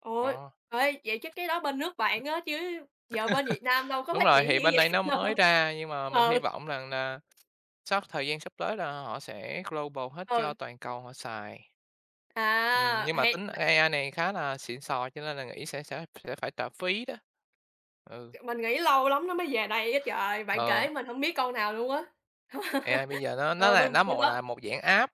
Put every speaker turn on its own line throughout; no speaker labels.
Ủa,
Đó.
ê, vậy chắc cái đó bên nước bạn á, chứ giờ bên Việt Nam đâu có
Đúng
phát
rồi,
triển
thì
dữ
bên đây
vậy
nó mới ra nhưng mà mình hy
Ừ.
vọng rằng là sắp thời gian sắp tới là họ sẽ global hết cho
Ừ.
toàn cầu họ xài. Ừm,
À,
nhưng mà
hay
tính
bạn!
AI này khá là xịn xò cho nên là nghĩ sẽ sẽ thì sẽ phải trả phí đó. Ừ.
Ờ, mình nghĩ lâu lắm nó mới về đây á trời, bạn kể
Ờ.
mình hông biết con nào luôn á.
AI bây giờ nó nó
Ờ,
là
bên
nó
bên
một,
đó
à, một dạng app,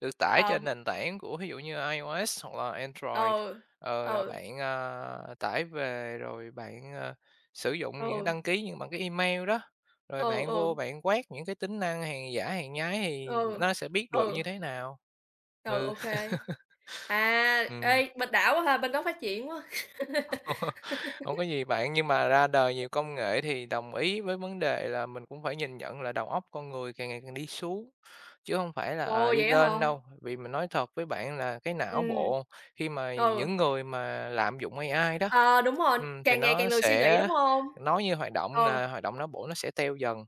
được tải
Ờ,
trên
b
nền tảng của thí dụ như là IOS hoặc là Android,
Ừ,
ờ, rồi
ừ.
bạn, ờ, tải về rồi bạn, ờ, sử dụng những
Ừ.
đăng ký như bằng cái email đó, rồi
Ừ,
bạn vô
ừ.
bạn quét những cái tính năng hàng giả hàng nhái thì
Ừ,
nó sẽ biết được
ừ.
như thế nào.
Ừ,
Ừ.
ô kê. À,
Ừm.
ê, bên đã quá ha, bên đó phát triển quá!
Hông có gì bạn, nhưng mà ra đời nhiều công nghệ thì đồng ý với vấn đề là mình cũng phải nhìn nhận là đầu óc con người càng ngày càng đi xuống chứ hông phải là, ờ,
Ồ!
đi
Vậy á
lên
hả?
đâu, vì mình nói thật với bạn là cái não
Ừm,
bộ, khi mà
ừ.
những người mà lạm dụng AI đó,
Ờ, đúng rồi,
ừm, thì
càng ngày càng
nó
lười suy nghĩ,
sẽ
đúng hông?
nói như hoạt động
Ừ.
là hoạt động não bộ nó sẽ teo dần.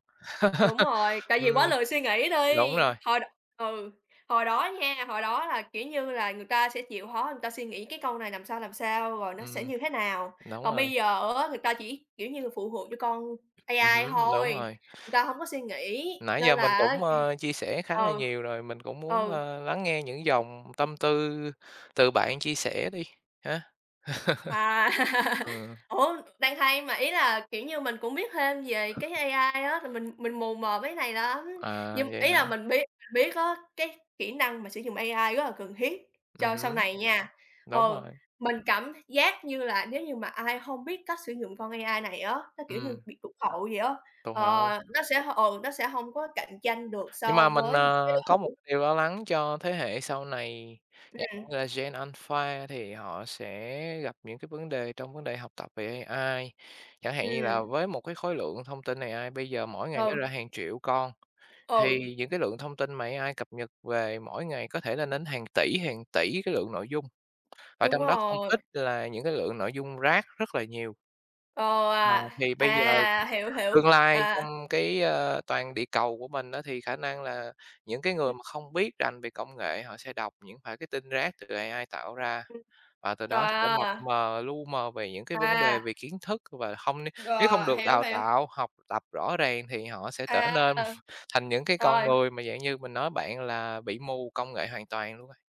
Đúng rồi, tại vì
Ừm,
quá lười suy nghĩ
đúng
đi,
rồi.
hồi đ ừ, hồi đó nha, hồi đó là, kiểu như, là người ta sẽ chịu khó, người ta suy nghĩ cái câu này làm sao, làm sao, rồi nó sẽ
Ừm,
như thế nào.
đúng
Còn
rồi.
bây giờ á, người ta chỉ, kiểu như là, phụ thuộc vô con
Ừm
AI
hứm, đúng
thôi,
rồi.
người ta hông có suy nghĩ,
Nãy
nên
giờ
là
mình
á
cũng, ờ, chia sẻ khá là
ừ,
nhiều rồi, mình cũng muốn,
ừ.
ơ, lắng nghe những dòng tâm tư từ bạn chia sẻ đi, ha.
À!
Ừm.
Ủa, đang hay mà, ý là, kiểu như, mình cũng biết thêm về cái AI á, là mình mình mù mờ mấy cái này lắm,
À,
nhưng
vậy
ý
hả?
là mình biết biết á, cái kỹ năng mà sử dụng AI rất là cần thiết
Ừm
cho sau
hứm.
này nha.
Đúng
Ừ,
rồi.
mình cảm th giác như là nếu như mà ai hông biết cách sử dụng con AI này á, nó, kiểu như,
Ừm.
bị tụt hậu vậy á,
Tụt
ờ,
hậu.
nó sẽ, ừ, nó sẽ hông có cạnh tranh được
Nhưng
so
mà mình,
với những cái đối
ờ, có một
thủ.
điều lo lắng cho thế hệ sau này
Ừm.
[unintelligible] như là gen alpha là thì họ sẽ gặp những cái vấn đề trong vấn đề học tập về AI. Chẳng hạn như là
Ừm.
với một cái khối lượng thông tin AI bây giờ mỗi ngày nó
Ừ.
ra hàng triệu con,
Ừ.
thì những cái lượng thông tin mà AI cập nhật về mỗi ngày có thể lên đến hàng tỉ, hàng tỉ cái lượng nội dung và
Đúng
trong đó không
rồi.
ít là những cái lượng nội dung rác rất là nhiều.
Ồ,
Ờ,
à!
thì bây giờ,
À, hiểu hiểu.
tương lai
À!
trong cái, ơ, toàn địa cầu của mình á, thì khả năng là những cái
Ừm.
người mà không biết rành về công nghệ họ sẽ đọc những phải cái tin rác từ AI tạo ra.
Ừm.
Và từ đó sẽ mập
À!
mờ, lu mờ về những cái vấn đề
À!
về kiến thức và không đi nếu không
Ờ,
được
hiểu,
đào
hiếu.
tạo, học tập rõ ràng thì họ sẽ trở nên
À!
thành những cái con
Rồi.
người mà dạng như mình nói bạn là bị mù công nghệ hoàn toàn luôn ấy.